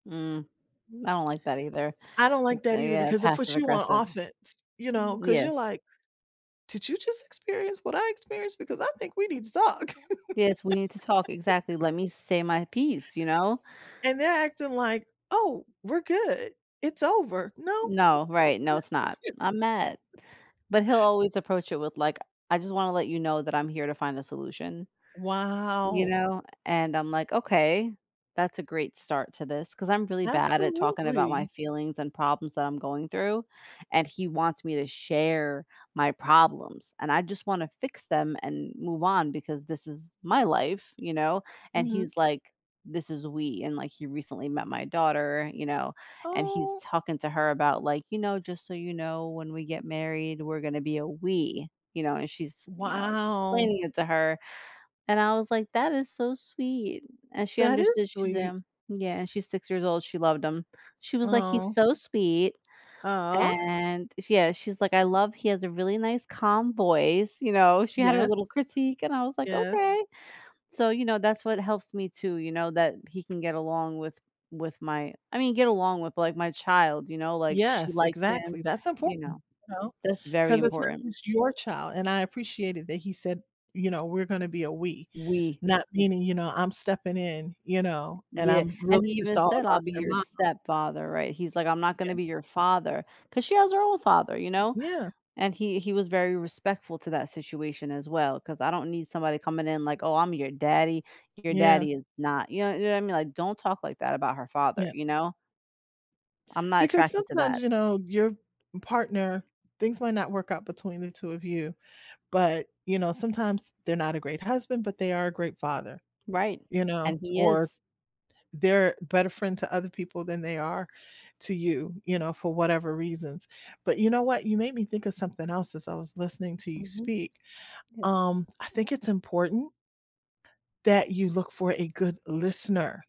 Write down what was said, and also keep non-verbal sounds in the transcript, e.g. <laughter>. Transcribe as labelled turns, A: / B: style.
A: Mm, I don't like that either.
B: I don't like
A: It's
B: that either
A: a, uh,
B: because it
A: passive
B: puts you on
A: aggressive
B: offense, you know, 'cause you're
A: Yes.
B: like, "Did you just experience what I experienced because I think we need to talk."
A: Yes, we need to talk
B: <laughs>
A: exactly, "Let me say my piece," you know.
B: And they're acting like, "Oh, we're good, it's over, no?"
A: No, right, no, it's not. I'm mad,
B: <chuckles>
A: but he'll always approach it with like, "I just wanna let you know that I'm here to find a solution." You
B: Wow.
A: know, and I'm like, "Okay, that's a great start to this" 'cause I'm really bad at it talking about my
B: Absolutely.
A: feelings and problems that I'm going through, and he wants me to share my problems, and I just wanna fix them and move on because this is my life, you know, and he's
B: Mhm.
A: like, "This is we," and like he recently met my daughter, you know, and he's
B: Oh.
A: talking to her about like, "You know, just so you know, when we get married we're going to be a we," you know, and she's you know,
B: Wow.
A: explaining it to her, and I was like, "That is so sweet," and she
B: That
A: understood,
B: is
A: she's,
B: sweet.
A: um Yeah, and she's 6 years old, she loved him, she was like, "He's
B: Oh.
A: so sweet,"
B: Aw.
A: and yeah, she's like, "I love he has a really nice calm voice," you know, she had her
B: Yes.
A: little critique, and I was like,
B: Yes.
A: "Okay," so you know, that's what helps me to, you know, that he can get along with with my I mean, get along with like my child, you know, like she
B: Yes,
A: likes him,
B: exactly, that's
A: you know,
B: important, you know,
A: that's very
B: 'cause it's not
A: important.
B: just your child, and I appreciated that he said, you know, "We're gonna be a we,"
A: We.
B: not meaning, you know, "I'm stepping in, you know, and
A: Yeah,
B: I'm really
A: and he
B: just
A: even
B: all
A: said, "I'll
B: about
A: be
B: your
A: your
B: momma."
A: stepfather," right, he's like, "I'm not gonna
B: Yeah.
A: be your father," 'cause she has her own father, you know,
B: Yeah.
A: and he he was very respectful to that situation as well, 'cause I don't need somebody coming in like, "Oh, I'm your daddy, your
B: Yeah.
A: daddy is not" you know you know what I mean, like "Don't talk like that about her father,"
B: Yeah.
A: you know. I'm not
B: Because
A: attracted to
B: sometimes,
A: that.
B: you know, your partner things might not work out between the 2 of you, but, you know, sometimes they're not a great husband, but they are a great father,
A: Right,
B: you know,
A: and he
B: or
A: is.
B: they're a better friend to other people than they are to you, you know, for whatever reasons, but you know what, you made me think of something else as I was listening to you
A: Mhm.
B: speak,
A: Yes.
B: um, I think it's important that you look for a good listener.